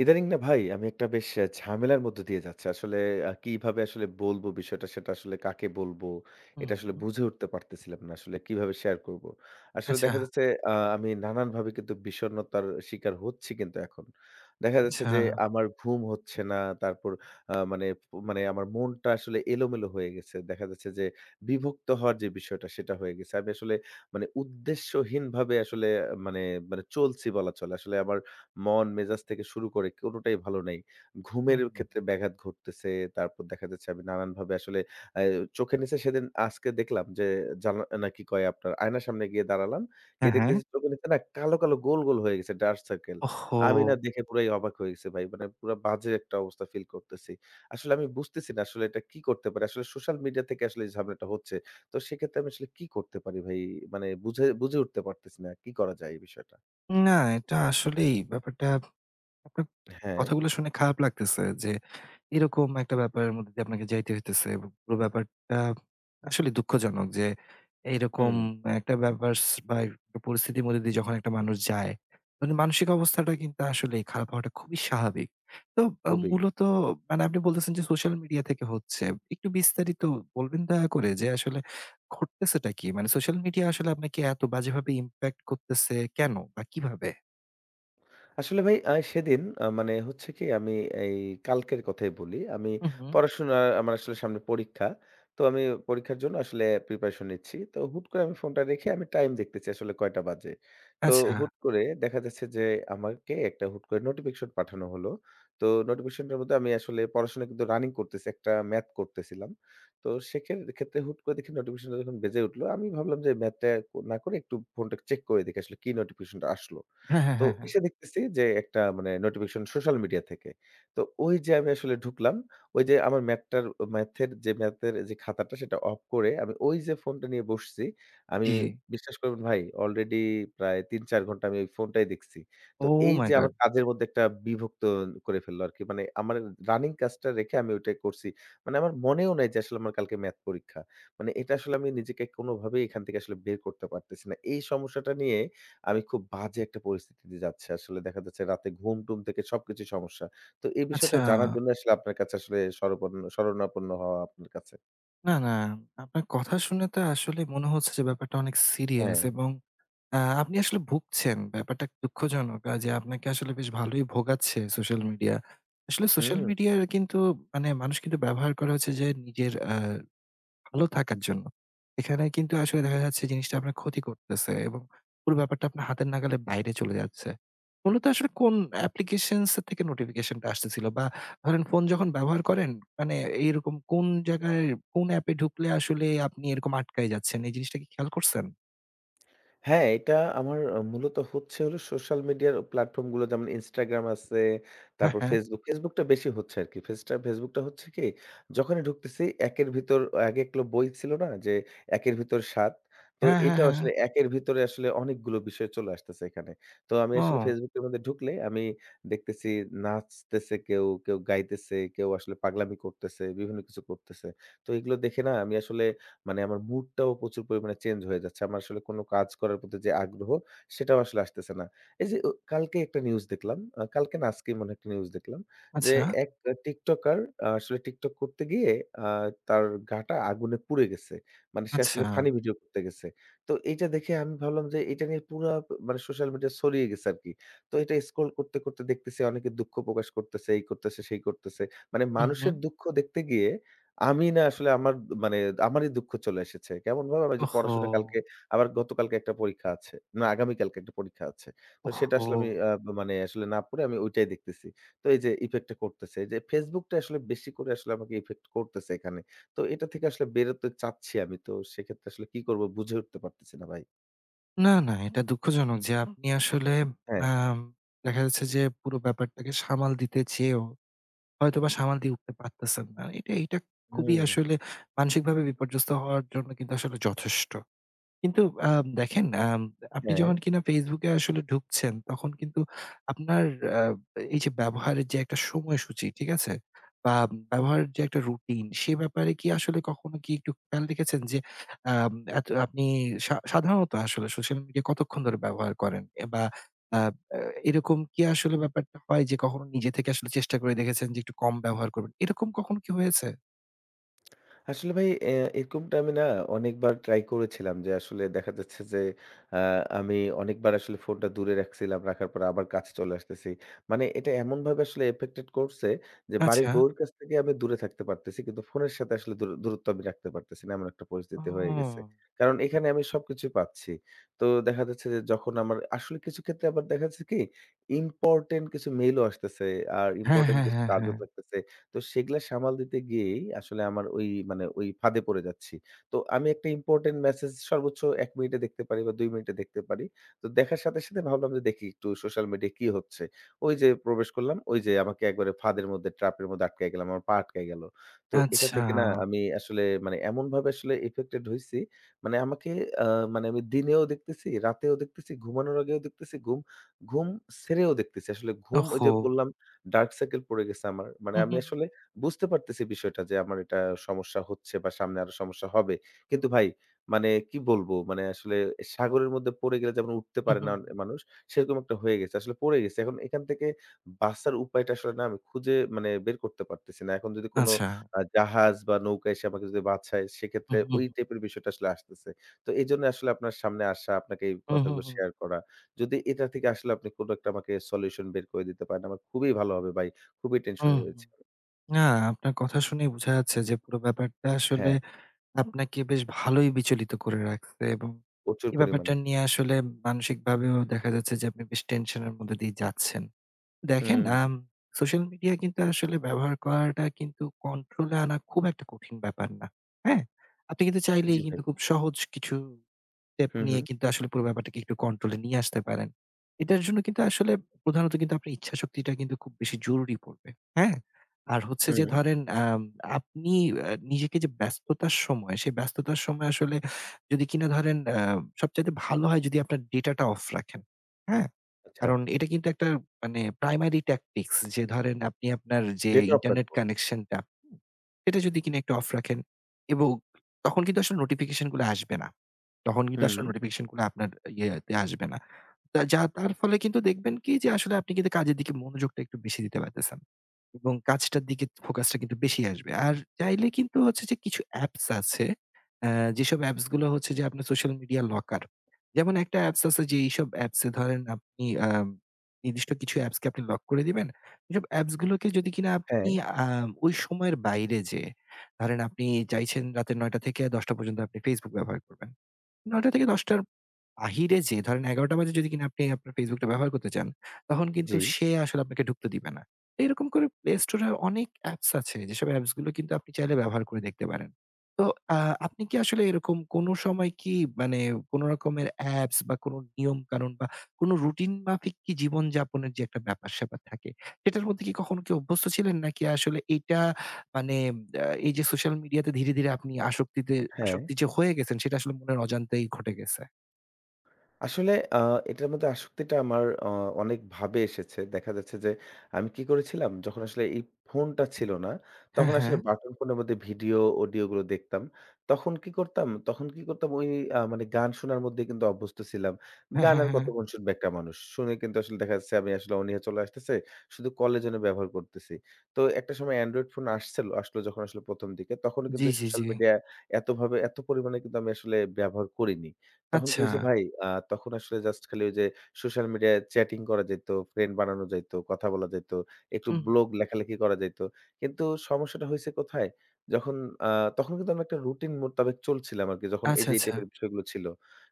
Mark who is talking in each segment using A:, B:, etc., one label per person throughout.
A: ইদানিং না ভাই আমি একটা বেশ অ্যা ঝামেলার মধ্য দিয়ে যাচ্ছি। আসলে আ কিভাবে আসলে বলব বিষয়টা, সেটা আসলে কাকে বলব, এটা আসলে
B: হুম।
A: বুঝে উঠতে পারতেছিলাম না। আসলে কিভাবে শেয়ার করব? আসলে দেখা
B: আচ্ছা।
A: যাচ্ছে, আ আমি নানানভাবে কিন্তু বিষন্নতার শিকার হচ্ছি কিন্তু এখন। দেখা যাচ্ছে যে
B: আচ্ছা।
A: আমার ঘুম হচ্ছে না। তারপর, আ মানে মানে আমার মনটা আসলে এলোমেলো হয়ে গেছে। দেখা যাচ্ছে যে বিমুক্ত হওয়ার যে বিষয়টা সেটা হয়ে গেছে। আমি আসলে মানে উদ্দেশ্যহীনভাবে আসলে মানে মানে চলছি বলা চলে। আসলে আবার মন-মেজাজ থেকে শুরু করে কোনটাই ভালো নাই। ঘুমের
B: হুম।
A: ক্ষেত্রে ব্যাঘাত ঘটতেছে। তারপর দেখা যাচ্ছে আমি নানানভাবে আসলে, অ্যা চোখের নিচে সেদিন আজকে দেখলাম যে জানা না কি কয় আপনার আয়নার সামনে গিয়ে দাঁড়ালাম।
B: হ্যাঁ,
A: গিয়ে
B: হ্যাঁ।
A: দেখতেছি চোখের নিচে না কালো, কালো গোল, গোল হয়ে গেছে, ডার্ক সার্কেল। আমি না
B: ওহহো!
A: দেখে পুরাই অবাক হয়ে গেছি ভাই। মানে পুরা বাজে একটা অবস্থা feel করতেছি। আসলে আমি বুঝতেছি না আসলে এটা কী করতে পারে। আসলে সোশ্যাল মিডিয়া থেকে আসলে ঝামেলাটা হচ্ছে। তো সেক্ষেত্রে আমি আসলে কী করতে পারি ভাই? মানে বুঝে বুঝে উঠতে পারতেছি না কী করা যায় এই বিষয়টা।
B: উম না, এটা আসলেই ব্যাপারটা আপনার
A: হ্যাঁ।
B: কথাগুলা শুনে খারাপ লাগতেছে যে, এরকম একটা ব্যাপারের মধ্যে দিয়ে আপনাকে যাইতে হইতেছে এবং পুরো ব্যাপারটা আসলেই দুঃখজনক যে, এরকম
A: হুম।
B: একটা ব্যাপার স বা পরিস্থিতির মধ্যে দিয়ে যখন একটা মানুষ যায়, মানে মানসিক অবস্থাটা কিন্তু আসলেই খারাপ হওয়াটা খুবই স্বাভাবিক। তো, অ
A: খুবই।
B: মূলত মানে আপনি বলতেছেন যে social media থেকে হচ্ছে। একটু বিস্তারিত বলবেন দয়া করে যে আসলে ঘটতেছেটা কি? মানে social media আসলে আপনাকে এত বাজেভাবে impact করতেছে কেন বা কিভাবে?
A: আসলে ভাই, আ সেদিন আ মানে হচ্ছে কি আমি এই কালকের কথাই বলি। আমি
B: উ হুম।
A: পড়াশোনা আমার আসলে সামনে পরীক্ষা। তো আমি পরীক্ষার জন্য আসলে preparation নিচ্ছি। তো হুট করে আমি ফোনটা রেখে আমি টাইম দেখতেছি আসলে কয়টা বাজে। তো
B: আচ্ছা।
A: হুট করে দেখা যাচ্ছে যে আমাকে একটা হুট করে notification পাঠানো হলো। তো notificationটার মধ্যে আমি আসলে পড়াশোনা কিন্তু রানিং করতেছি, একটা ম্যাথ করতেছিলাম। তো সে খেন ক্ষেত্রে হুট করে দেখি notificationটা যখন বেজে উঠলো আমি ভাবলাম যে ম্যাথটা না করে একটু ফোনটা একটু check করে দেখি আসলে কি notificationটা আসলো।
B: হ্যাঁ, হ্যাঁ,
A: তো
B: হ্যাঁ, হ্যাঁ।
A: এসে দেখতেছি যে একটা মানে notification সোশ্যাল মিডিয়া থেকে। তো ওই যে আমি আসলে ঢুকলাম। ওইযে আমার ম্যাথটার, উ ম্যাথের যে ম্যাথের যে খাতাটা সেটা off করে আমি ওইযে ফোনটা নিয়ে বসছি। আমি
B: জি।
A: বিশ্বাস করবেন ভাই already প্রায় ৩-৪ ঘণ্টা আমি ওই ফোনটাই দেখছি। তো
B: Oh my
A: এইযে আমার
B: god!
A: কাজের মধ্যে একটা বিভক্ত করে ফেললো আরকি। মানে আমার রানিং কাজটা রেখে আমি ওইটাই করছি। মানে আমার মনেও নাই যে আসলে আমার কালকে ম্যাথ পরীক্ষা। মানে এটা আসলে আমি নিজেকে কোনোভাবেই এখান থেকে আসলে বের করতে পারতেছি না। এই সমস্যাটা নিয়ে আমি খুব বাজে একটা পরিস্থিতির যাচ্ছি আসলে। দেখা যাচ্ছে রাতে ঘুম-টুম থেকে সবকিছু সমস্যা। তো এই বিষয়টা
B: আচ্ছা।
A: জানার জন্য আসলে আপনার কাছে আসলে শরপন্ন শরণাপন্ন হওয়া আপনার কাছে।
B: না, না, আপনার কথা শুনে তো আসলেই মনে হচ্ছে যে ব্যাপারটা অনেক serious
A: হ্যাঁ।
B: এবং আ আপনি আসলে ভুগছেন। ব্যাপারটা দুঃখজনক। আর যে আপনাকে আসলে বেশ ভালোই ভোগাচ্ছে social media। আসলে social
A: হুম।
B: media কিন্তু মানে মানুষ কিন্তু ব্যবহার করে হচ্ছে যে নিজের আ ভালো থাকার জন্য। এখানে কিন্তু আসলে দেখা যাচ্ছে জিনিসটা আপনার ক্ষতি করতেছে এবং পুরো ব্যাপারটা আপনার হাতের নাগালে বাইরে চলে যাচ্ছে। মূলত আসলে কোন application থেকে notification টা আসতেছিল বা ধরেন phone যখন ব্যবহার করেন মানে এইরকম কোন জায়গায় কোন app এ ঢুকলে আসলেই আপনি এরকম আটকায়ে যাচ্ছেন, এই জিনিসটা কি খেয়াল করছেন?
A: হ্যাঁ, এটা আমার মূলত হচ্ছে হলো সোশ্যাল মিডিয়ার প্ল্যাটফর্মগুলো যেমন Instagram আছে,
B: হ্যাঁ,
A: তারপর
B: হ্যাঁ।
A: Facebook। Facebook টা বেশি হচ্ছে আরকি। Facebook টা হচ্ছে কি, যখনই ঢুকতেছি একের ভিতর আগে এক লো বই ছিল না যে 'একের ভিতর সাত', তো
B: হ্যাঁ, হ্যাঁ,
A: এটাও আসলে
B: হ্যাঁ।
A: একের ভিতরে আসলে অনেকগুলো বিষয় চলে আসতেছে এখানে। তো আমি আসলে
B: ও।
A: Facebook এর মধ্যে ঢুকলে আমি দেখতেছি নাচতেছে কেউ, কেউ গাইতেছে, কেউ আসলে পাগলামি করতেছে, বিভিন্ন কিছু করতেছে। তো এগুলো দেখে না আমি আসলে মানে আমার mood টাও প্রচুর পরিমাণে change হয়ে যাচ্ছে। আমরা আসলে কোনো কাজ করার প্রতি যে আগ্রহ সেটাও আসলে আসতেছে না। এইযে উ কালকে একটা news দেখলাম আ কালকে না আজকেই মনে হয় একটা news দেখলাম যে
B: আচ্ছা।
A: এক আ TikToker আসলে TikTok করতে গিয়ে, আ তার গা টা আগুনে পুড়ে গেছে। মানে সে আসলে
B: আচ্ছা।
A: funny video করতে গেছে। তো এইটা দেখে আমি ভাবলাম যে এইটা নিয়ে পুরা মানে সোশ্যাল মিডিয়া ছড়িয়ে গেছে আরকি। তো এটা scroll করতে, করতে দেখতেছি অনেকে দুঃখ প্রকাশ করতেছে, এই করতেছে, সেই করতেছে। মানে
B: হুম,
A: মানুষের
B: হুম।
A: দুঃখ দেখতে গিয়ে আমি না আসলে আমার ব মানে আমারই দুঃখ চলে এসেছে। কেমনভাবে আমার যে পড়াশোনা কালকে,
B: ওহহো!
A: আমার গতকালকে একটা পরীক্ষা আছে, না আগামীকালকে একটা পরীক্ষা আছে। তো সেটা আসলে আমি
B: ওহহো!
A: আ মানে আসলে না পড়ে আমি ওইটাই দেখতেছি। তো এইযে effectটা করতেছে, এইযে Facebookটা আসলে বেশি করে আসলে আমাকে effect করতেছে এখানে। তো এটা থেকে আসলে বের হতে চাচ্ছি আমি। তো সেক্ষেত্রে আসলে কী করব বুঝে উঠতে পারতেছি না ভাই।
B: না, না, এটা দুঃখজনক যে আপনি আসলে
A: হ্যাঁ।
B: আম দেখা যাচ্ছে যে পুরো ব্যাপারটাকে সামাল দিতে চেয়েও হয়তোবা সামাল দিয়ে উঠতে পারতেছেন না। এটা এটা খুবই
A: হুম।
B: আসলে মানসিকভাবে বিপর্যস্ত হওয়ার জন্য কিন্তু আসলে যথেষ্ট। কিন্তু অ্যাম দেখেন, আম আপনি যখন
A: হ্যাঁ।
B: কিনা Facebook এ আসলে ঢুকছেন তখন কিন্তু আপনার আ এই যে ব্যবহারের যে একটা সময়সূচী ঠিক আছে? বা ব্যবহারের যে একটা routine সে ব্যাপারে কি আসলে কখনো কি একটু খেয়াল রেখেছেন যে, আম এত আপনি সা সাধারণত আসলে social media কতক্ষণ ধরে ব্যবহার করেন? অ্যা বা আ অ্যা এরকম কি আসলে ব্যাপারটা হয় যে কখনো নিজে থেকে আসলে চেষ্টা করে দেখেছেন যে একটু কম ব্যবহার করবেন, এরকম কখন কি হয়েছে?
A: আসলে ভাই, অ্যা এরকমটা আমি না অনেকবার try করেছিলাম যে আসলে দেখা যাচ্ছে যে, আ আমি অনেকবার আসলে ফোনটা দূরে রাখছিলাম, রাখার পর আবার কাছে চলে আসতেছি। মানে এটা এমনভাবে আসলে affected করছে যে বাড়ির
B: আচ্ছা।
A: বউয়ের কাছ থেকে আমি দূরে থাকতে পারতেছি কিন্তু ফোনের সাথে আসলে দূর দূরত্ব আমি রাখতে পারতেছি না। এমন একটা পরিস্থিতি হয়ে গেছে।
B: ওহ।
A: কারণ এখানে আমি সবকিছুই পাচ্ছি। তো দেখা যাচ্ছে যে যখন আমার আসলে কিছু ক্ষেত্রে আবার দেখা যাচ্ছে কি important কিছু mail ও আসতেছে, আর
B: হ্যাঁ,
A: important
B: হ্যাঁ,
A: কিছু
B: হ্যাঁ,
A: কাজও
B: হ্যাঁ।
A: থাকতেছে। তো সেগুলা সামাল দিতে গিয়েই আসলে আমার ওই মানে ওই ফাঁদে পড়ে যাচ্ছি। তো আমি একটা important message সর্বোচ্চ ১ মিনিটে দেখতে পারি বা ২ মিনিটে দেখতে পারি। তো দেখার সাথে, সাথে ভাবলাম যে দেখি একটু সোশ্যাল মিডিয়ায় কী হচ্ছে, ওই যে প্রবেশ করলাম, ওই যে আমাকে একবারে ফাঁদের মধ্যে trap এর মধ্যে আটকায় গেলাম, আমার পা, আটকায় গেল। তো এটা থেকে না
B: আচ্ছা।
A: আমি আসলে মানে এমনভাবে আসলে affected হইছি, মানে আমাকে, অ্যা মানে আমি দিনেও দেখতেছি, রাতেও দেখতেছি, ঘুমানোর আগেও দেখতেছি, গুম ঘুম ছেড়েও দেখতেছি। আসলে ঘুম ওই যে
B: ওহহো!
A: বললাম dark circle পড়ে গেছে আমার। মানে
B: উ হু।
A: আমি আসলে বুঝতে পারতেছি বিষয়টা যে আমার এটা সমস্যা হচ্ছে বা সামনে আরও সমস্যা হবে। কিন্তু ভাই মানে কী বলব? মানে আসলে সাগরের মধ্যে পড়ে গেলে যেমন উঠতে
B: উ
A: পারে
B: হু,
A: না অন
B: হু।
A: মানুষ, সেরকম একটা হয়ে গেছে। আসলে পড়ে গেছি। এখন এখান থেকে বাঁচার উপায়টা আসলে না আমি খুঁজে মানে বের করতে পারতেছি না। এখন যদি কোনো
B: আচ্ছা।
A: আ জাহাজ বা নৌকা এসে আমাকে যদি বাঁচায় সেক্ষেত্রে
B: উহ
A: ওই
B: হু।
A: টাইপের বিষয়টা আসলে আসতেছে। তো এজন্যই আসলে আপনার সামনে আসা, আপনাকে এই
B: উ হু,
A: কথাগুলো
B: হু।
A: শেয়ার করা। যদি এটা থেকে আসলে আপনি কোনো একটা আমাকে solution বের করে দিতে পারেন আমার খুবই ভালো হবে ভাই, খুবই tension এ
B: উম হু,
A: রয়েছি।
B: না, আপনার কথা শুনেই বোঝা যাচ্ছে যে পুরো ব্যাপারটা আসলে
A: হ্যাঁ।
B: আপনাকে বেশ ভালোই বিচলিত করে রাখছে এবং
A: প্রচুর
B: এই ব্যাপারটা
A: পরিমাণে।
B: নিয়ে আসলে মানসিকভাবেও দেখা যাচ্ছে যে আপনি বেশ tension এর মধ্যে দিয়ে যাচ্ছেন। দেখেন,
A: হুম।
B: আম social media কিন্তু আসলে ব্যবহার করাটা কিন্তু control এ আনা খুব একটা কঠিন ব্যাপার না, হ্যাঁ? আপনি কিন্তু
A: জি,
B: চাইলেই
A: ভাই।
B: কিন্তু খুব সহজ কিছু step
A: হু,
B: নিয়ে
A: হু।
B: কিন্তু আসলে পুরো ব্যাপারটাকে একটু control এ নিয়ে আসতে পারেন। এটার জন্য কিন্তু আসলে প্রধানত কিন্তু আপনার ইচ্ছাশক্তিটা কিন্তু খুব বেশি জরুরি পড়বে, হ্যাঁ? আর হচ্ছে যে
A: হু।
B: ধরেন, অ্যাম আপনি অ্যা নিজেকে যে ব্যস্ততার সময়, সে ব্যস্ততার সময় আসলে যদি কিনা ধরেন, অ্যা সবচাইতে ভালো হয় যদি আপনার data টা off রাখেন, হ্যাঁ?
A: আচ্ছা।
B: কারণ এটা কিন্তু একটা মানে primary tactics যে ধরেন আপনি আপনার যে
A: data off
B: internet
A: রাখব।
B: connection টা, হুম? সেটা যদি কিনা একটু off রাখেন এবং তখন কিন্তু আসলে notification গুলা আসবে না। তখন কিন্তু আসলে
A: হুম।
B: notification গুলা আপনার ইয়েতে আসবে না। তা যা তার ফলে কিন্তু দেখবেন কি যে আসলে আপনি কিন্তু কাজের দিকে মনোযোগটা একটু বেশি দিতে পারতেছেন এবং কাজটার দিকে focus টা কিন্তু বেশি আসবে। আর চাইলে কিন্তু হচ্ছে যে কিছু apps আছে, অ্যা যেসব apps গুলা হচ্ছে যে আপনার social media locker। যেমন একটা apps আছে যে এইসব apps এ ধরেন আপনি, আম নির্দিষ্ট কিছু apps কে আপনি lock করে দিবেন। যেব apps গুলোকে যদি কিনা আপনি,
A: হ্যাঁ।
B: আম ওই সময়ের বাইরে যেয়ে, ধরেন আপনি চাইছেন রাতের ৯ঃ০০ থেকে ১০ঃ০০ পর্যন্ত আপনি Facebook ব্যবহার করবেন। ৯ঃ০০ থেকে ১০ঃ০০ র বাহিরে যেয়ে ধরেন ১১ঃ০০ বাজে যদি কিনা আপনি আপনার Facebook টা ব্যবহার করতে চান তখন কিন্তু
A: জি।
B: সে আসলে আপনাকে ঢুকতে দিবে না। তো এরকম করে Play Store এ অনেক apps আছে যেসব apps গুলো কিন্তু আপনি চাইলে ব্যবহার করে দেখতে পারেন। তো আ আপনি কি আসলে এরকম কোনো সময় কি মানে কোনো রকমের apps বা কোনো নিয়ম-কানুন বা কোনো routine মাফিক কি জীবনযাপনের যে একটা ব্যাপার-স্যাপার থাকে সেটার মধ্যে কি কখনো কি অভ্যস্ত ছিলেন? নাকি আসলে এইটা মানে, অ্যা এই যে social media তে ধীরে, ধীরে আপনি আসক্তিতে,
A: হ্যাঁ।
B: আসক্তি যে হয়ে গেছেন সেটা আসলে মনের অজান্তেই ঘটে গেছে?
A: আসলে আ এটার মধ্যে আসক্তিটা আমার আ অনেক ভাবে এসেছে। দেখা যাচ্ছে যে আমি কি করেছিলাম, যখন আসলে এই ফোনটা ছিল না
B: হ্যাঁ,
A: তখন আসলে
B: হ্যাঁ।
A: বাটন ফোনের মধ্যে ভিডিও অডিওগুলো দেখতাম। তখন কি করতাম? তখন কি করতাম, ওই আ মানে গান শোনার মধ্যে কিন্তু অভ্যস্ত ছিলাম।
B: হ্যাঁ,
A: গান
B: হ্যাঁ,
A: আর
B: হ্যাঁ।
A: কতক্ষণ শুনবে একটা মানুষ? শুনে কিন্তু আসলে দেখা যাচ্ছে আমি আসলে অনিহা চলে আসতেছে। শুধু কলের জন্য ব্যবহার করতেছি। তো একটা সময় Android phone আসছিল আসলো যখন আসলে ১ম দিকে তখনও কিন্তু
B: জি,
A: এই
B: জি,
A: social
B: জি।
A: media এতভাবে এত পরিমাণে কিন্তু আমি আসলে ব্যবহার করিনি। তখন কি
B: আচ্ছা।
A: হইছে ভাই, আ তখন আসলে just খালি ওই যে social media-য় chatting করা যাইত, friend বানানো যাইত, কথা বলা যাইত, একটু
B: হুম।
A: blog লেখালেখি করা যাইত। কিন্তু সমস্যাটা হইছে কোথায়? যখন আ তখন কিন্তু আমি একটা routine মোতাবেক চলছিলাম আরকি, যখন এই
B: আচ্ছা,
A: যেই
B: আচ্ছা।
A: type-এর বিষয়গুলো ছিল।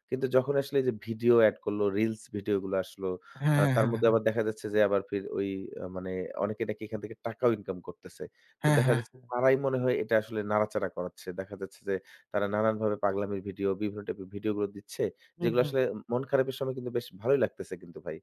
A: কিন্তু যখনই আসলে এইযে video add করলো, reels video গুলা আসলো,
B: হ্যাঁ,
A: আ
B: হ্যাঁ,
A: তার
B: হ্যাঁ,
A: মধ্যে আবার
B: হ্যাঁ।
A: দেখা যাচ্ছে যে আবার ফে ওই আ মানে অনেকে নাকি এখান থেকে টাকাও income করতেছে। তো
B: হ্যাঁ,
A: দেখা
B: হ্যাঁ।
A: যাচ্ছে তারাই মনে হয় এটা আসলে নাড়াচাড়া করাচ্ছে। দেখা যাচ্ছে যে তারা নানানভাবে পাগলামি video, বিভিন্ন type-এর video গুলো দিচ্ছে
B: হু,
A: যেগুলা
B: হু।
A: আসলে মন খারাপের সময় কিন্তু বেশ ভালোই লাগতেছে কিন্তু ভাই।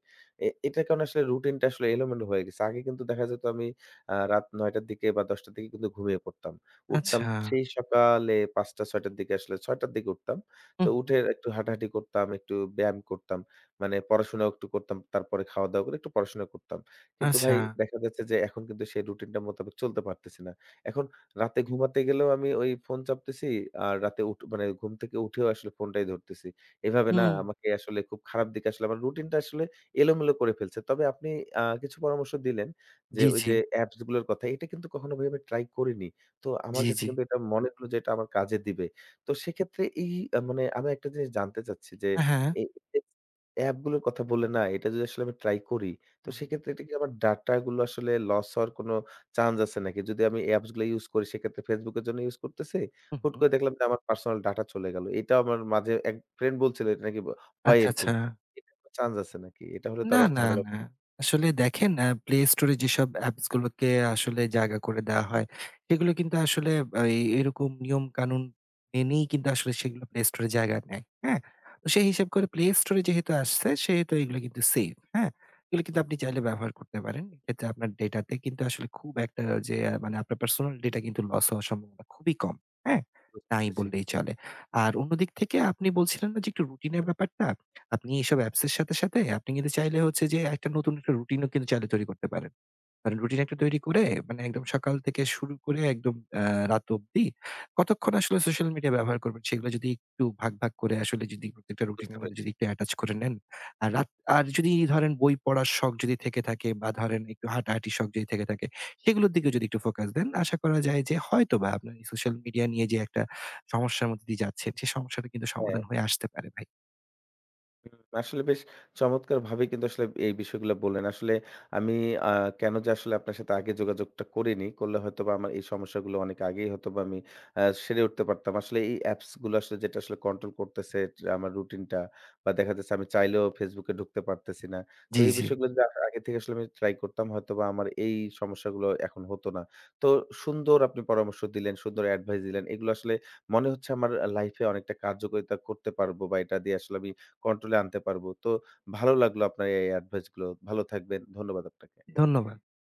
A: এ এটার কারণে আসলে routine-টা আসলে এলোমেলো হয়ে গেছে। আগে কিন্তু দেখা যেত আমি, আ রাত ৯ঃ০০ র দিকে বা ১০ঃ০০ র দিকে কিন্তু ঘুমিয়ে পড়তাম। উঠতাম
B: আচ্ছা।
A: সেই সকালে ৫ঃ০০-৬ঃ০০ র দিকে, আসলে ৬ঃ০০ র দিকে উঠতাম। তো
B: হু।
A: উঠে একটু হাঁটাহাঁটি করতাম, একটু ব্যায়াম করতাম, মানে পড়াশোনাও একটু করতাম। তারপরে খাওয়া-দাওয়া করে একটু পড়াশোনা করতাম। কিন্তু ভাই
B: আচ্ছা।
A: দেখা যাচ্ছে যে এখন কিন্তু সেই routine-টার মোতাবেক চলতে পারতেছি না। এখন রাতে ঘুমাতে গেলেও আমি ওই ফোন চাপতেছি, আর রাতে উঠ মানে ঘুম থেকে উঠেও আসলে ফোনটাই ধরতেছি। এভাবে না
B: হু।
A: আমাকে আসলে খুব খারাপ দিকে আসলে আমার routine-টা আসলে এলোমেলো করে ফেলছে। তবে আপনি আ কিছু পরামর্শ দিলেন যে
B: জি, জি।
A: ওইযে appsগুলার কথা। এটা কিন্তু কখনো ভাই আমি try করিনি। তো আমার
B: জি,
A: কাছে
B: জি।
A: কিন্তু এটা মনে হলো যে এটা আমার কাজে দিবে। তো সেক্ষেত্রে এই মানে আমি একটা জিনিস জানতে চাচ্ছি যে
B: আ হ্যাঁ।
A: এই এস appsগুলোর কথা বললেন না, এটা যদি আসলে আমি try করি তো
B: হু।
A: সেক্ষেত্রে এটা কি আমার dataগুলো আসলে loss হওয়ার কোনো chance আছে নাকি? যদি আমি appsগুলো use করি সেক্ষেত্রে Facebook-এর জন্য use করতেছে,
B: হু,
A: হুট
B: হু।
A: করে দেখলাম যে আমার personal data চলে গেল। এটাও আমার মাঝে এক friend বলছিল এটা নাকি ব হয়
B: আচ্ছা,
A: এরকম।
B: আচ্ছা।
A: এটা [unintelligible] chance আছে নাকি? এটা হলে তো
B: না,
A: আবার
B: না,
A: ঝামেলা
B: না। আসলে দেখেন, আ Play Store এ যেসব appsগুলোকে আসলে জায়গা করে দেওয়া হয় সেগুলো কিন্তু আসলে আ এই এরকম নিয়ম-কানুন মেনেই কিন্তু আসলে সেগুলো Play Store এ জায়গা নেয়, হ্যাঁ? তো সে হিসাব করে Play Store এ যেহেতু আসছে সেহেতু এগুলা কিন্তু safe, হ্যাঁ? এগুলো কিন্তু আপনি চাইলে ব্যবহার করতে পারেন। এটাতে আপনার data তে কিন্তু আসলে খুব একটা যে মানে আপনার personal data কিন্তু loss হওয়ার সম্ভাবনা খুবই কম, হ্যাঁ?
A: বুঝতে
B: নাই
A: পেরেছি।
B: বললেই চলে। আর অন্যদিক থেকে আপনি বলছিলেন না যে একটু routine এর ব্যাপারটা? আপনি এইসব apps এর সাথে, সাথে আপনি কিন্তু চাইলে হচ্ছে যে একটা নতুন একটা routine ও কিন্তু চাইলে তৈরি করতে পারেন। মানে routine একটা তৈরি করে মানে একদম সকাল থেকে শুরু করে একদম অ্যা রাত অব্দি কতক্ষণ আসলে social media ব্যবহার করবেন সেগুলা যদি একটু ভাগ, ভাগ করে আসলে যদি প্রত্যেকটা routine
A: বুঝতে
B: এর মানে
A: পেরেছি।
B: যদি একটু attach করে নেন। আর রাত আর যদি ধরেন বই পড়ার শখ যদি থেকে থাকে বা ধরেন একটু হাঁটাহাটি শখ যদি থেকে থাকে সেগুলোর দিকেও যদি একটু focus দেন আশা করা যায় যে হয়তোবা আপনার এই social media নিয়ে যে একটা সমস্যার মধ্য দিয়ে যাচ্ছেন সে সমস্যারও কিন্তু
A: হ্যাঁ।
B: সমাধান হয়ে আসতে পারে ভাই।
A: হু, আসলে বেশ চমৎকারভাবে কিন্তু আসলে এই বিষয়গুলা বললেন। আসলে আমি আ কেন যে আসলে আপনার সাথে আগে যোগাযোগটা করিনি। করলে হয়তোবা আমার এই সমস্যাগুলা অনেক আগেই হয়তোবা আমি আ সেরে উঠতে পারতাম। আসলে এই appsগুলা আসলে যেটা আসলে control করতেছে যে আমার routine-টা বা দেখা যাচ্ছে আমি চাইলেও Facebook-এ ঢুকতে পারতেছি না। তো
B: জি,
A: এই
B: জি।
A: বিষয়গুলা য আ আগে থেকে আসলে আমি try করতাম হয়তোবা আমার এই সমস্যাগুলো এখন হতো না। তো সুন্দর আপনি পরামর্শ দিলেন, সুন্দর advice দিলেন। এগুলা আসলে মনে হচ্ছে আমার life-এ অনেকটা কার্যকারিতা করতে পারবো বা এটা দিয়ে আসলে আমি control-এ আনতে পারবো। তো ভালো লাগলো আপনার এই adviceগুলো। ভালো থাকবেন। ধন্যবাদ আপনাকে।
B: ধন্যবাদ।